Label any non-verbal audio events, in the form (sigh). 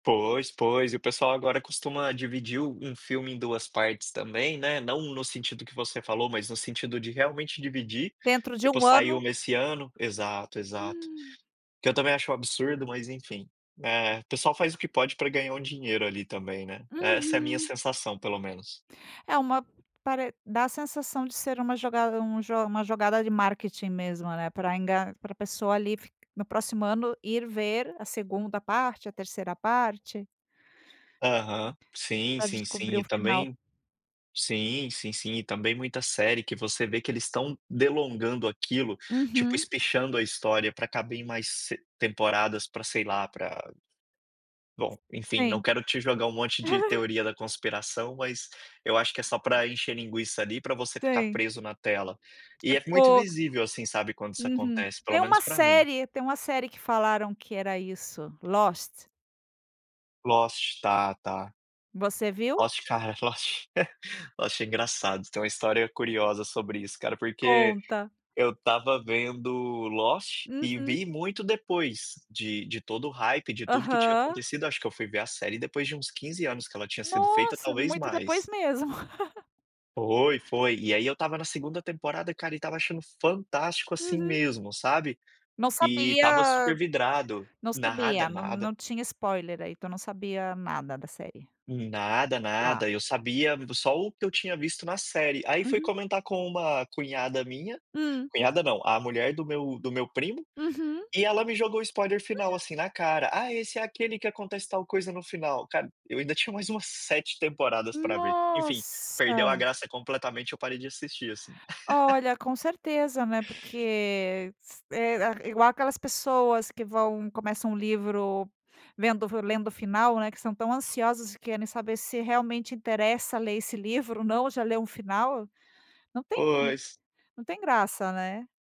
Pois, pois, e o pessoal agora costuma dividir um um filme em 2 partes também, né, não no sentido que você falou mas no sentido de realmente dividir, Dentro de tipo 1 saiu ano. nesse ano exato, exato. Hum. Que eu também acho um absurdo, mas enfim, é pessoal faz o que pode para ganhar um dinheiro ali também, né. Essa é a minha Uhum. sensação pelo menos. É uma pare dá a sensação de ser uma jogada um jo uma jogada de marketing mesmo, né, pra enga para pessoa ali no próximo ano ir ver a 2ª parte, a 3ª parte. Aham. Sim, Para sim, sim descobrir o e final. também sim, sim, sim e também muita série que você vê que eles estão delongando aquilo, tipo Uhum. espichando a história pra caber em mais s temporadas pra, sei lá pra bom enfim não Sim. quero te jogar um monte de (laughs) teoria da conspiração, mas eu acho que é só para encher linguiça ali para você ficar Sim. preso na tela. E é muito Tipo. visível, assim, sabe, quando isso Uhum. acontece, pelo Tem menos uma para mim. série tem uma série que falaram que era isso, Lost. Lost, tá, tá. Você viu? Lost cara, Lost. (chuckles) Lost é engraçado, tem uma história curiosa sobre isso cara, porque Conta. eu estava vendo Lost, e Uhum. vi muito depois de de todo o hype, de tudo que tinha Aham. acontecido, acho que eu fui ver a série depois de uns 15 anos que ela tinha sido feita, Nossa, talvez muito depois mais. mesmo. (laughs) Foi, foi, e aí eu estava na 2º temporada cara e estava achando fantástico, assim, Uhum. mesmo sabe. Não E estava sabia, super vidrado não nada, sabia, não nada. não tinha spoiler aí tu não sabia nada da série. Nada, Ah. nada, eu sabia só o que eu tinha visto na série, aí fui Uhum. comentar com uma cunhada minha, Hum. cunhada não, a mulher do meu do meu primo, Uhum. e ela me jogou o spoiler final Hum. assim na cara, "Ah, esse é aquele que acontece tal coisa no final". Cara, eu ainda tinha mais umas 7 temporadas para ver. Enfim, perdeu Nossa. a graça completamente, eu parei de assistir assim. Olha, (laughs) com certeza, né, porque s eh, igual aquelas pessoas que vão começam um livro vendo lendo o final, né, que estão tão ansiosas e querem saber se realmente interessa ler esse livro ou não, já leu um final, não tem Pois. não tem graça, né.